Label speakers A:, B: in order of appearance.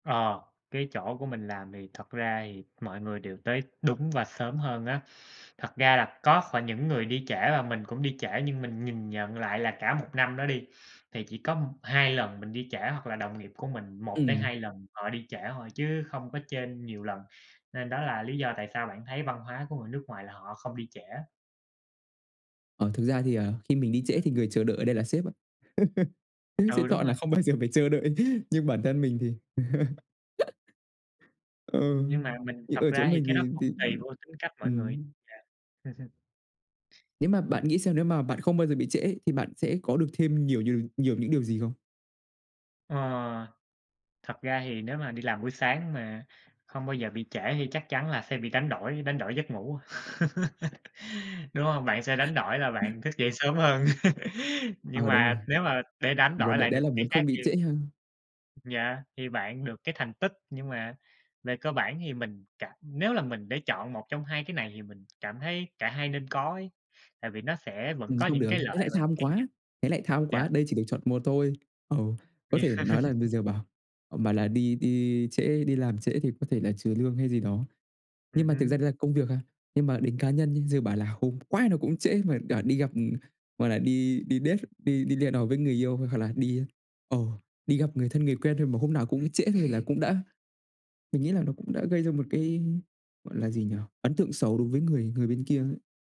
A: Ờ, cái chỗ của mình làm thì thật ra thì mọi người đều tới đúng và sớm hơn á. Thật ra là có phải những người đi trễ và mình cũng đi trễ, nhưng mình nhìn nhận lại là cả 1 năm đó đi, thì chỉ có 2 lần mình đi trễ, hoặc là đồng nghiệp của mình một tới
B: Ừm.
A: hai lần họ đi trễ thôi, chứ không có trên nhiều lần, nên đó là lý do tại sao bạn thấy văn hóa của người nước ngoài là họ không đi trễ.
B: Ờ, thực ra thì, ờ, khi mình đi trễ thì người chờ đợi ở đây là sếp á. Sếp sẽ
A: Ừ, đúng
B: chọn là
A: rồi.
B: không bao giờ phải chờ đợi, nhưng bản thân mình thì Ừ,
A: Nhưng mà mình
B: thì
A: thật
B: ở chỗ
A: ra thì
B: mình
A: cái đó
B: thì thì,
A: cũng tùy vô tính cách
B: ư
A: mỗi người.
B: ừm.
A: Yeah.
B: Nếu mà bạn nghĩ xem, nếu mà bạn không bao giờ bị trễ ấy thì bạn sẽ có được thêm nhiều nhiều nhiều những điều gì không?
A: Ờ. Thật ra thì nếu mà đi làm buổi sáng mà không bao giờ bị trễ thì chắc chắn là sẽ bị đánh đổi, đánh đổi giấc ngủ, đúng hông? Bạn sẽ đánh đổi là
B: [unintelligible]
A: bạn thức dậy sớm hơn, nhưng
B: Ờ, đúng
A: mà
B: rồi.
A: nếu mà để đánh đổi
B: Vốn đấy
A: lại
B: đấy
A: được
B: là
A: cái
B: muốn
A: khác
B: không
A: thì
B: bị trễ ha?
A: yeah, thì bạn được cái thành tích, nhưng mà về cơ bản thì mình cảm nếu là mình để chọn 1 trong 2 cái này, thì mình cảm thấy cả hai nên có ấy, tại vì nó sẽ vẫn
B: Ừm,
A: có
B: không
A: những
B: được,
A: cái
B: thế
A: lợi
B: lại
A: và những
B: tham
A: cái nh
B: quá, thế lại tham
A: yeah.
B: quá, đây chỉ được chọn một thôi. Ừ, có thể nói là bây giờ bảo, ờm, bảo là đi đi trễ, đi làm trễ thì có thể là trừ lương hay gì đó, nhưng
A: Ừm
B: mà thực ra
A: hứm.
B: đấy là công việc ha. Nhưng mà đến cá nhân nha, giờ bảo là hôm quái nào cũng trễ mà đảo đi gặp, ừm, gọi là, đi đi date, đi đi hẹn hò với người yêu, hoặc là đi, a, ờ, đi gặp người thân, người quen thôi mà hôm nào cũng trễ thôi là cũng đã mình nghĩ là nó cũng đã gây ra một cái, gọi là gì nhỉ? Ấn tượng xấu đối với người người bên kia ấy.